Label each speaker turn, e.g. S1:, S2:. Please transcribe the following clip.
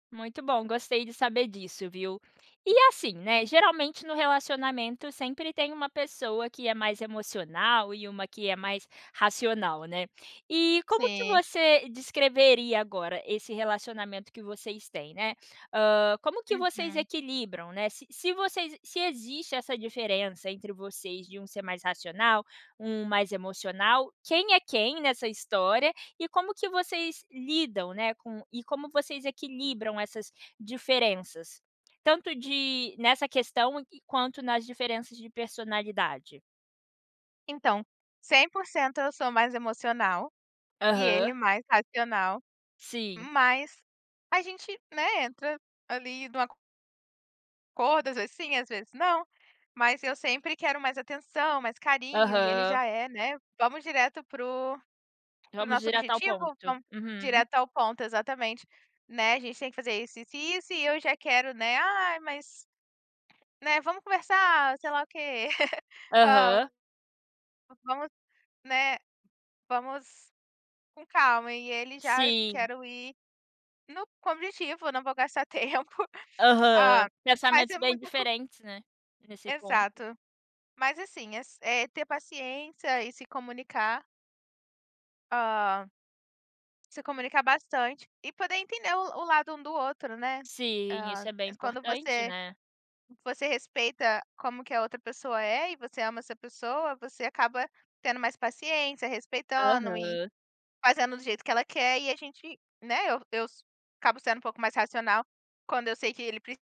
S1: Muito bom, gostei de saber disso, viu. E, assim, né, geralmente no relacionamento sempre tem uma pessoa que é mais emocional e uma que é mais racional, né. E como que
S2: Sim.
S1: você descreveria agora esse relacionamento que vocês têm, né. Hã, como que vocês
S2: Uhum.
S1: equilibram, né. Se se vocês se existe essa diferença entre vocês de um ser mais racional, um mais emocional, quem é quem nessa história, e como que vocês lidam, né, com e como vocês equilibram essas diferenças, tanto de nessa questão e quanto nas diferenças de personalidade?
S2: Então, 100% eu sou mais emocional, e ele
S1: Aham.
S2: mais racional,
S1: Sim.
S2: mas a gente, né, entra ali num acor acordo, às vezes sim, às vezes não, mas eu sempre quero mais atenção, mais carinho. E ele
S1: Aham.
S2: já é, né: "Vamos direto para o para o
S1: "Vamos
S2: nosso
S1: direto ao
S2: objetivo,
S1: ponto".
S2: vamos
S1: Uhum.
S2: direto ao ponto". Exatamente, né: "A gente tem que fazer isso, isso e isso", e eu já quero, né: "Ai, mas, né, vamos conversar", sei lá o quê. "Ó,
S1: Aham.
S2: vamos, né, vamos com calma", e ele já
S1: Sim.
S2: "quero ir no" com objetivo, "eu não vou gastar tempo".
S1: Aham,
S2: Ah, mas
S1: pensamentos
S2: é
S1: bem
S2: muita co
S1: diferentes, né, nesse ponto.
S2: Exato. Mas, assim, é s é ter paciência e se comunicar hã se comunicar bastante e poder entender o o lado um do outro, né.
S1: Sim,
S2: Hã,
S1: isso é bem
S2: eh, quando
S1: importante,
S2: você
S1: né.
S2: você respeita como que a outra pessoa é e você ama essa pessoa, você acaba tendo mais paciência, respeitando e
S1: Aham.
S2: fazendo do jeito que ela quer. E a gente, né eu eu s acabo sendo um pouco mais racional quando eu sei que ele pre